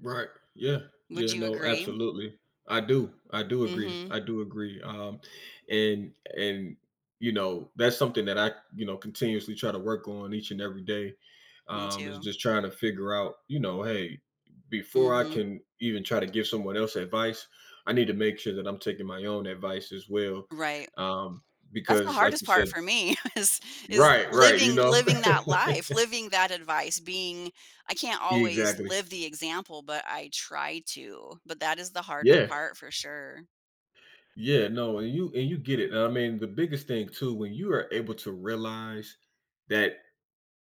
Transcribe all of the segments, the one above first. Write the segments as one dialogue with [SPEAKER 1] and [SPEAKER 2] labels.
[SPEAKER 1] Right. Yeah.
[SPEAKER 2] Would
[SPEAKER 1] Yeah,
[SPEAKER 2] you
[SPEAKER 1] no,
[SPEAKER 2] agree?
[SPEAKER 1] absolutely. I do. I do agree,
[SPEAKER 2] Mhm.
[SPEAKER 1] I do agree, um, and and, you know, that's something that I, you know, continuously try to work on each and every day,
[SPEAKER 2] Me
[SPEAKER 1] um, is
[SPEAKER 2] too.
[SPEAKER 1] just trying to figure out, you know, "Hey, before I
[SPEAKER 2] Mhm.
[SPEAKER 1] can even try to give someone else advice, I need to make sure that I'm taking my own advice as well,"
[SPEAKER 2] Right.
[SPEAKER 1] um,
[SPEAKER 2] That's the
[SPEAKER 1] because like
[SPEAKER 2] hardest
[SPEAKER 1] you
[SPEAKER 2] part
[SPEAKER 1] said
[SPEAKER 2] for me, is is
[SPEAKER 1] Right, right, you
[SPEAKER 2] living
[SPEAKER 1] know?
[SPEAKER 2] living that life, living that advice, being I can't always
[SPEAKER 1] Exactly.
[SPEAKER 2] live the example, but I try to, but that is the hardest
[SPEAKER 1] Yeah.
[SPEAKER 2] part, for sure.
[SPEAKER 1] Yeah, no, and you and you get it, and I mean, the biggest thing too, when you are able to realize that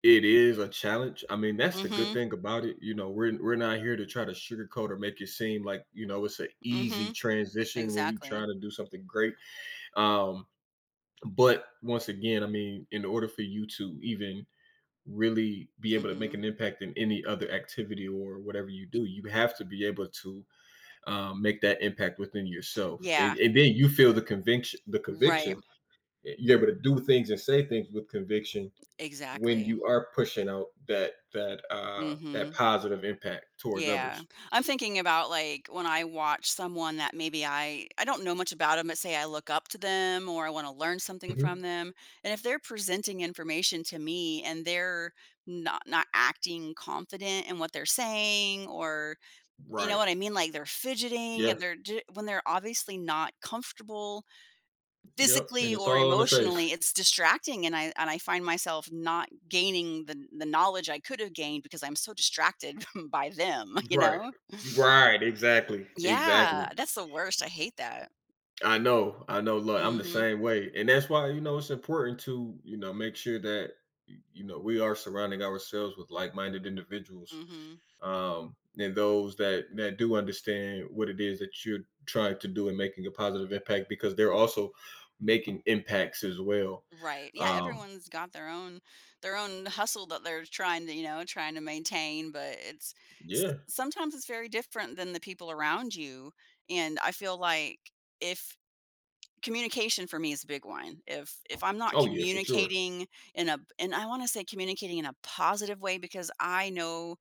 [SPEAKER 1] it is a challenge, I mean, that's the good
[SPEAKER 2] Mhm.
[SPEAKER 1] thing about it, you know, we're we're not here to try to sugarcoat or make it seem like, you know, it's a easy
[SPEAKER 2] Mhm.
[SPEAKER 1] transition when you try
[SPEAKER 2] Exactly.
[SPEAKER 1] to do something great, um, but, once again, I mean, in order for you to even really be able to make an
[SPEAKER 2] Mhm.
[SPEAKER 1] impact in any other activity, or whatever you
[SPEAKER 2] Y
[SPEAKER 1] do, you have to be able to, um, make that impact within yourself. And
[SPEAKER 2] Yeah.
[SPEAKER 1] and then, you feel the conviction the
[SPEAKER 2] Right.
[SPEAKER 1] conviction, eh, you're able to do things and say things with conviction when
[SPEAKER 2] Exactly.
[SPEAKER 1] you are pushing out that that, uh, that
[SPEAKER 2] Mhm.
[SPEAKER 1] positive impact towards
[SPEAKER 2] Yeah.
[SPEAKER 1] others.
[SPEAKER 2] I'm thinking about, like, when I watch someone, that maybe I I don't know much about 'em, but say I look up to them, or I want to learn something
[SPEAKER 1] Mhm.
[SPEAKER 2] from them, and if they're presenting information to me, and they're no not acting confident in what they're saying, or you know
[SPEAKER 1] Right.
[SPEAKER 2] what I mean? Like they're fidgeting,
[SPEAKER 1] Yeah.
[SPEAKER 2] and they're j when they're obviously not comfortable,
[SPEAKER 1] Yep, and
[SPEAKER 2] physically
[SPEAKER 1] it's
[SPEAKER 2] or
[SPEAKER 1] all on the face.
[SPEAKER 2] emotionally, it's distracting, and I and I find myself not gaining the kn the knowledge I could've gained because I'm so distracted by them, you
[SPEAKER 1] Right.
[SPEAKER 2] know?
[SPEAKER 1] Right, exactly,
[SPEAKER 2] Yeah.
[SPEAKER 1] exactly.
[SPEAKER 2] That's the worst, I hate that.
[SPEAKER 1] I know, I know, loo I'm the
[SPEAKER 2] Mhm.
[SPEAKER 1] same way, and that's why, you know, it's important to, you know, make sure that, y you know, we are surrounding ourselves with like-minded individuals.
[SPEAKER 2] Mhm.
[SPEAKER 1] Um, and those that that do understand what it is that you're trying to do in making a positive impact, because they're also making impacts as well,
[SPEAKER 2] Right, yeah,
[SPEAKER 1] um
[SPEAKER 2] everyone's got their own their own hustle that they're trying to, you know, trying to maintain, but it's s
[SPEAKER 1] Yeah.
[SPEAKER 2] sometimes it's very different than the people around you, and I feel like if communication, for me is a big one. If if I'm not
[SPEAKER 1] Oh, yeah, for sure.
[SPEAKER 2] communicating in a in I wanna say, communicating in a positive way, because I know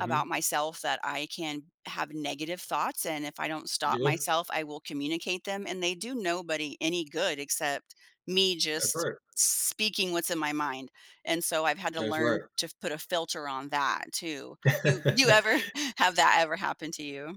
[SPEAKER 2] about myself, that I can have negative thoughts, and if I don't stop
[SPEAKER 1] Yeah.
[SPEAKER 2] myself, I will communicate them, and they do nobody any good except me
[SPEAKER 1] That's
[SPEAKER 2] just
[SPEAKER 1] right.
[SPEAKER 2] speaking what's in my mind, and so I've had to
[SPEAKER 1] That's
[SPEAKER 2] learn
[SPEAKER 1] right.
[SPEAKER 2] to put a filter on that, too. You you ever have that ever happen to you?